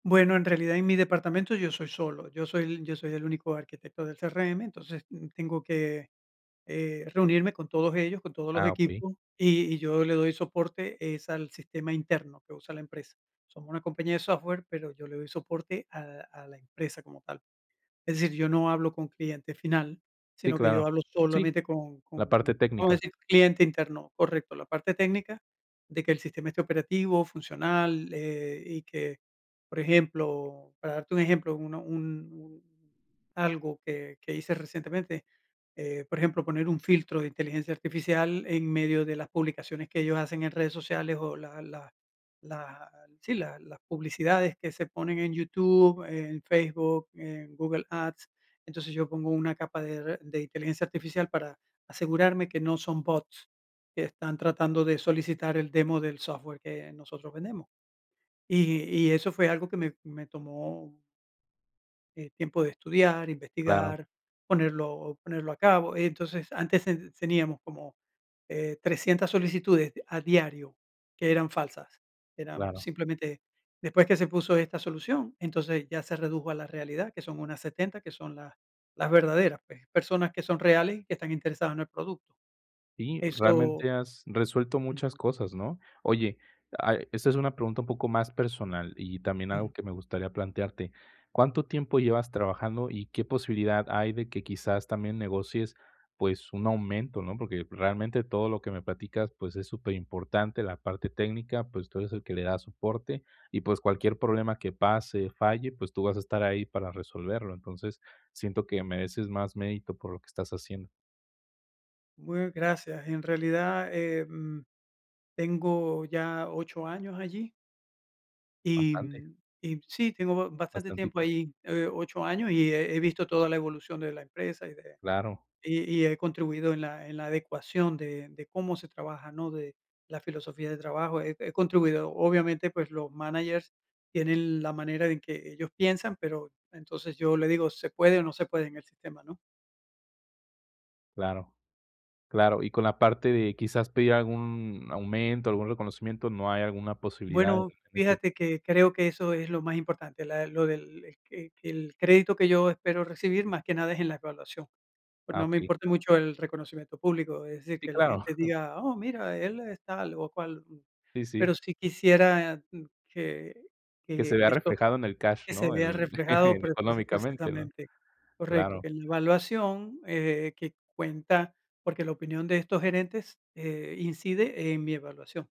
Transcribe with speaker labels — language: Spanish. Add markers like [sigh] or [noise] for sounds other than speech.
Speaker 1: Bueno, en realidad en mi departamento yo soy solo, yo soy el yo soy el único arquitecto del CRM. Entonces, mm, tengo que, eh, reunirme con todos ellos, con todos los
Speaker 2: Ah, pui
Speaker 1: equipos, y y yo le doy soporte es al sistema interno que usa la empresa. Somos una compañía de software, pero yo le doy soporte al a la empresa como tal. Es decir, yo no hablo con cliente final,
Speaker 2: Sí,
Speaker 1: sino que yo
Speaker 2: claro,
Speaker 1: hablo
Speaker 2: sí,
Speaker 1: solamente con
Speaker 2: la
Speaker 1: con,
Speaker 2: parte
Speaker 1: vamos a
Speaker 2: técnica.
Speaker 1: decir cliente interno, correcto, la parte técnica de que el sistema esté operativo, funcional, eh, y que, por ejemplo, para darte un ejemplo, una un un algo que que hice recientemente, eh, por ejemplo, poner un filtro de inteligencia artificial en medio de las publicaciones que ellos hacen en redes sociales, o, la la la, sí, la las publicidades que se ponen en YouTube, en Facebook, en Google Ads. Entonces yo pongo una capa de r de inteligencia artificial para asegurarme que no son bots que están tratando de solicitar el demo del software que nosotros vendemos, y y eso fue algo que me me tomó eh, tiempo de estudiar,
Speaker 2: Claro.
Speaker 1: investigar, ponerlo ponerlo a cabo. Entonces, antes s teníamos, eh, como 300 solicitudes de a diario que eran falsas, eran
Speaker 2: Claro.
Speaker 1: simplemente después que se puso esta solución, entonces ya se redujo a la realidad, que son unas 70, que son las las verdaderas, pues, personas que son reales y que están interesadas en el producto.
Speaker 2: Sí,
Speaker 1: Eso
Speaker 2: realmente has resuelto muchas
Speaker 1: Ujú.
Speaker 2: cosas, ¿no? Oye, a esta es una pregunta un poco más personal y también
Speaker 1: Ujú.
Speaker 2: algo que me gustaría plantearte, ¿cuánto tiempo llevas trabajando, y qué posibilidad hay de que quizás también negocies, pues, un aumento, no? Porque realmente todo lo que me platicas, pues, es superimportante la parte técnica, pues, tú eres el que le da soporte, y, pues, cualquier problema que pase, falle, pues, tú vas a estar ahí para resolverlo. Entonces siento que mereces más mérito por lo que estás haciendo.
Speaker 1: Muy gracias. En realidad, em, tengo ya 8 años allí y
Speaker 2: Bastante.
Speaker 1: y sí, tengo ba bastante tiempo
Speaker 2: Bastantito.
Speaker 1: ahí, eh, 8 años, y he visto toda la evolución de la empresa, y de
Speaker 2: Claro.
Speaker 1: y y he contribuido en la en la adecuación de de cómo se trabaja, ¿no? De la filosofía de trabajo, he he contribuido. Obviamente, pues, los managers tienen la manera en que ellos piensan, pero entonces yo le digo: "Se puede, o, no se puede en el sistema", ¿no?
Speaker 2: Claro, claro, y con la parte de quizás pedir algún aumento, algún reconocimiento, ¿no hay alguna posibilidad en
Speaker 1: Bueno,
Speaker 2: en este
Speaker 1: fíjate
Speaker 2: tema?
Speaker 1: que creo que eso es lo más importante, la del lo del e que que que el crédito que yo espero recibir, más que nada es en la evaluación, pues,
Speaker 2: Ah,
Speaker 1: no me
Speaker 2: okey.
Speaker 1: importa mucho el reconocimiento público, es decir,
Speaker 2: Sí,
Speaker 1: que la
Speaker 2: claro.
Speaker 1: gente
Speaker 2: [chuckles]
Speaker 1: diga: "Oh, mira, él es tal, o, cual",
Speaker 2: Sí,
Speaker 1: pero,
Speaker 2: sí.
Speaker 1: sí quisiera que
Speaker 2: Que se
Speaker 1: que
Speaker 2: vea
Speaker 1: esto
Speaker 2: reflejado en el cash,
Speaker 1: que se
Speaker 2: ¿no?
Speaker 1: vea
Speaker 2: El [chuckles]
Speaker 1: reflejado
Speaker 2: en
Speaker 1: prefis
Speaker 2: económicamente, ¿no?
Speaker 1: precisamente, correcto,
Speaker 2: Claro.
Speaker 1: que en la evaluación, eh, que cuenta, porque la opinión de estos gerentes, eh, incide en mi evaluación.